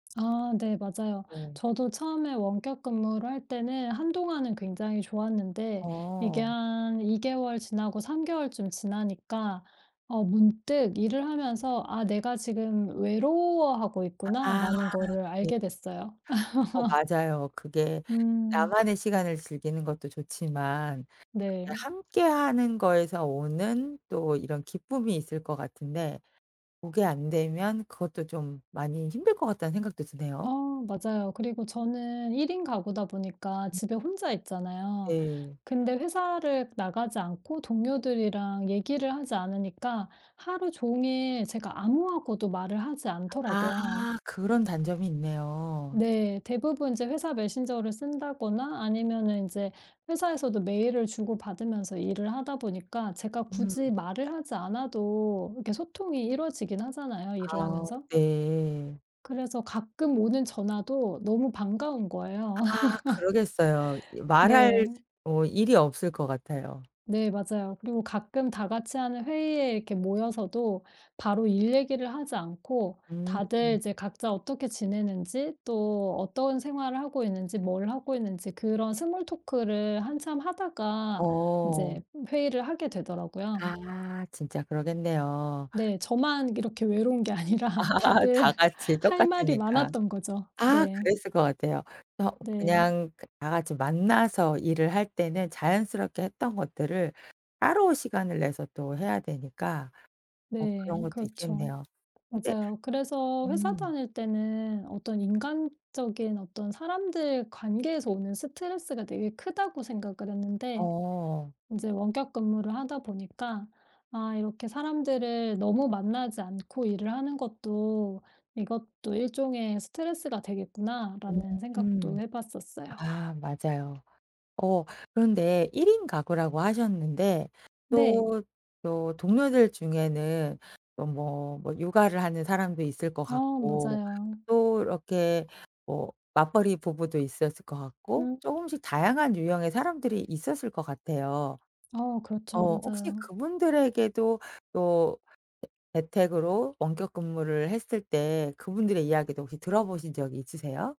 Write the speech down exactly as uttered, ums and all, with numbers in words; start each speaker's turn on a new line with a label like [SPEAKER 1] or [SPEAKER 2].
[SPEAKER 1] 아 네. 맞아요.
[SPEAKER 2] 어.
[SPEAKER 1] 저도 처음에 원격 근무를 할 때는 한동안은 굉장히 좋았는데 이게
[SPEAKER 2] 어.
[SPEAKER 1] 한 이 개월 지나고 삼 개월쯤 지나니까 어 문득 일을 하면서 '아 내가 지금 외로워하고
[SPEAKER 2] 아
[SPEAKER 1] 있구나.'라는 거를
[SPEAKER 2] 네.
[SPEAKER 1] 알게 됐어요.
[SPEAKER 2] 어 맞아요. 그게
[SPEAKER 1] 음.
[SPEAKER 2] 나만의 시간을 즐기는 것도 좋지만 예
[SPEAKER 1] 네.
[SPEAKER 2] 함께하는 거에서 오는 또 이런 기쁨이 있을 것 같은데 그게 안되면 그것도 좀 많이 힘들 것 같다는 생각도
[SPEAKER 1] 어
[SPEAKER 2] 드네요.
[SPEAKER 1] 맞아요. 그리고 저는 일 인 가구다 보니까
[SPEAKER 2] 음.
[SPEAKER 1] 집에 혼자 있잖아요.
[SPEAKER 2] 네.
[SPEAKER 1] 근데 회사를 나가지 않고 동료들이랑 얘기를 하지 않으니까 하루 종일 제가 아무하고도 말을 하지 않더라고요.
[SPEAKER 2] 아. 그런 단점이 있네요.
[SPEAKER 1] 네. 대부분 이제 회사 메신저를 쓴다거나 아니면은 인제 회사에서도 메일을 주고받으면서 일을 하다 보니까 제가 굳이
[SPEAKER 2] 음.
[SPEAKER 1] 말을 하지 않아도 이렇게 소통이 이루어지긴 하잖아요 일을
[SPEAKER 2] 아
[SPEAKER 1] 하면서.
[SPEAKER 2] 네.
[SPEAKER 1] 그래서 가끔 오는 전화도 너무 반가운 거예요.
[SPEAKER 2] 아 그러겠어요. 이 말할
[SPEAKER 1] 네.
[SPEAKER 2] 어 일이 없을 것 같아요.
[SPEAKER 1] 네. 맞아요. 그리고 가끔 다 같이하는 회의에 이렇게 모여서도 바로 일 얘기를 하지 않고
[SPEAKER 2] 음.
[SPEAKER 1] 다들 이제 각자 어떻게 지내는지 또 어떤 생활을 하고 있는지 뭘 하고 있는지 그런 스몰토크를 한참 하다가
[SPEAKER 2] 어.
[SPEAKER 1] 인제 회의를 하게 되더라고요.
[SPEAKER 2] 아 진짜 그러겠네요.
[SPEAKER 1] 네. 저만 이렇게 외로운 게 아니라 다들
[SPEAKER 2] 다 같이
[SPEAKER 1] 할 말이
[SPEAKER 2] 똑같으니까.
[SPEAKER 1] 많았던 거죠.
[SPEAKER 2] 아
[SPEAKER 1] 네.
[SPEAKER 2] 그랬을 것 같아요. 그래서
[SPEAKER 1] 네.
[SPEAKER 2] 그냥 그 다 같이 만나서 일을 할 때는 자연스럽게 했던 것들을 따로 시간을 내서 또 해야 되니까 뭐 그런
[SPEAKER 1] 네.
[SPEAKER 2] 것도
[SPEAKER 1] 그렇죠.
[SPEAKER 2] 있겠네요. 근데
[SPEAKER 1] 맞아요. 그래서 회사
[SPEAKER 2] 음.
[SPEAKER 1] 다닐 때는 어떤 인간적인 어떤 사람들 관계에서 오는 스트레스가 되게 크다고 생각을 했는데
[SPEAKER 2] 어.
[SPEAKER 1] 인제 원격 근무를 하다 보니까 '아 이렇게 사람들을 너무 만나지 않고 일을 하는 것도 이것도 일종의 스트레스가 되겠구나.'라는 생각도
[SPEAKER 2] 음.
[SPEAKER 1] 해 봤었어요.
[SPEAKER 2] 아 맞아요. 어 그런데 일 인 가구라고 하셨는데
[SPEAKER 1] 네.
[SPEAKER 2] 또, 또 동료들 중에는 또 뭐, 뭐 육아를 하는 사람도 있을 것
[SPEAKER 1] 어
[SPEAKER 2] 같고
[SPEAKER 1] 맞아요.
[SPEAKER 2] 또 이렇게 뭐 맞벌이 부부도 있었을 것 같고
[SPEAKER 1] 음.
[SPEAKER 2] 쪼금씩 다양한 유형의 사람들이 있었을 것 같아요.
[SPEAKER 1] 어 그렇죠.
[SPEAKER 2] 어 혹시
[SPEAKER 1] 맞아요.
[SPEAKER 2] 그분들에게도 또 재 재택으로 원격 근무를 했을 때 그분들의 이야기도 혹시 들어 보신 적이 있으세요?